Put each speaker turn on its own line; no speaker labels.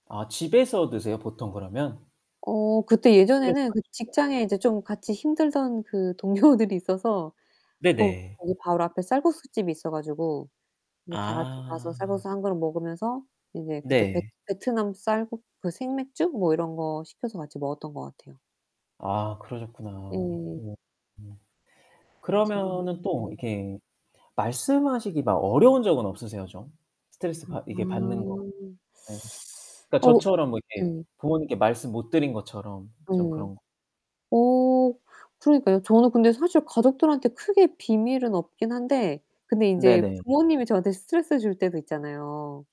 아 집에서 드세요 보통 그러면?
어 그때
스트레스
예전에는 그
받죠 또.
직장에 이제 좀 같이 힘들던 그 동료들이 있어서 고
네네.
거기 바로 앞에 쌀국수집이 있어 가지고 그래서 다 같이
아.
가서 쌀국수 1 그릇 먹으면서 이제 그때 베
네.
베트남 쌀국 그 생맥주 뭐 이런 거 시켜서 같이 먹었던 거 같아요.
아 그러셨구나.
네.
음. 그러면은 또
[unintelligible]
이렇게 말씀하시기 막 어려운 적은 없으세요 좀? 스트레스 받 이렇게 받는 거.
음.
예. 그러니까
어
저처럼 뭐 이렇게
예.
부모님께 말씀 못 드린 것처럼 좀
오.
그런 거.
어 그러니까요. 저는 근데 사실 가족들한테 크게 비밀은 없기는 한데 근데 인제
네네.
부모님이 저한테 스트레스를 줄 때도 있잖아요.